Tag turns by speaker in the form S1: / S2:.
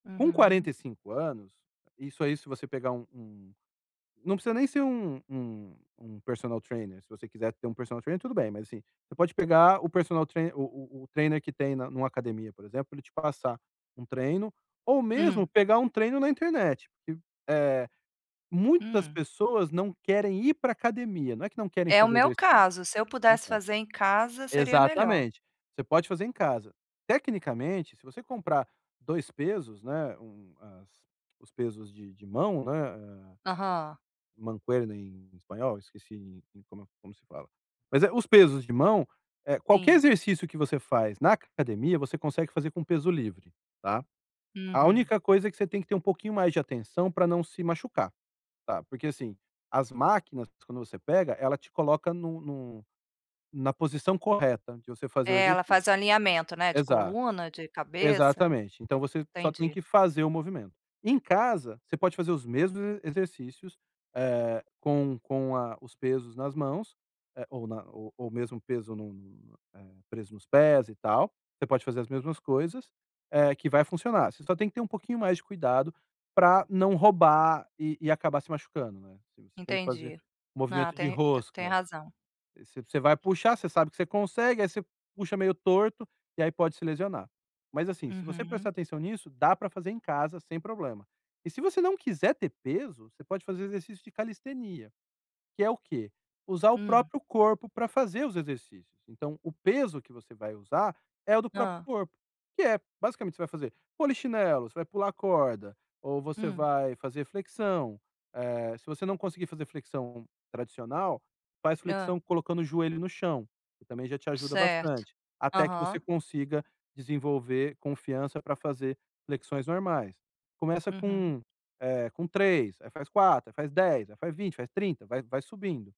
S1: Com
S2: Uhum.
S1: 45 anos, isso aí, se você pegar um um não precisa nem ser um um um personal trainer, se você quiser ter um personal trainer, tudo bem, mas assim, você pode pegar o personal trainer o o o trainer que tem na em uma academia, por exemplo, pra ele te passa um treino, ou mesmo
S2: Hum.
S1: pegar um treino na internet. [unintelligible] Eh, muitas
S2: Hum.
S1: pessoas não querem ir para academia, não é que não querem
S2: É o
S1: fazer
S2: meu
S1: exercício.
S2: caso, se eu pudesse
S1: Então.
S2: fazer em casa, seria melhor.
S1: Exatamente. Você pode fazer em casa. Tecnicamente, se você comprar 2 pesos, né, um as os pesos de de mão né, eh
S2: Aham.
S1: mancuerna em espanhol, esqueci como é como se fala. Mas, eh, os pesos de mão, eh, qualquer
S2: Sim.
S1: exercício que você faz na c academia, você consegue fazer com peso livre, tá. A
S2: Uhum.
S1: única coisa é que você tem que ter um pouquinho mais de atenção para não se machucar, tá. Porque assim, as máquinas, quando você pega, ela te coloca no no na posição correta de você fazer o
S2: É, ela faz o
S1: exercício.
S2: alinhamento, né, de
S1: Exato.
S2: coluna, de cabeça.
S1: Exatamente. Então você só tem
S2: Entendi.
S1: que fazer o movimento. Em casa, você pode fazer os mesmos e exercícios, eh, com com a os pesos nas mãos, eh, ou na o ou mesmo peso num, eh, preso nos pés, e tal. Você pode fazer as mesmas coisas, eh, que vai funcionar, você só tem que ter um pouquinho mais de cuidado para não roubar e e acabar se machucando, né, assim, você tem que fazer
S2: Entendi. Não,
S1: movimento de
S2: tem t tem
S1: rosca.
S2: razão.
S1: V você vai puxar, você sabe que você consegue, aí você puxa meio torto, e aí pode se lesionar. Mas assim, se você prestar
S2: Uhum.
S1: atenção nisso, dá para fazer em casa sem problema. E se você não quiser ter peso, você pode fazer exercício de calistenia. Que é o quê? Usar o
S2: Hum.
S1: próprio corpo para fazer os exercícios. Então o peso que você vai usar é o do próprio
S2: Hã.
S1: corpo, que é, basicamente, você vai fazer polichinelo, você vai pular corda, ou você
S2: Hum.
S1: vai fazer flexão. Eh, se você não conseguir fazer flexão tradicional, faz
S2: Hã.
S1: flexão colocando o joelho no chão, que também já te ajuda
S2: Certo.
S1: bastante, até que você
S2: Aham.
S1: consiga desenvolver confiança para fazer flexões normais. Começa
S2: Uhum.
S1: com, eh, com 3, aí faz 4, aí faz 10, aí faz 20, faz 30, vai vai subindo.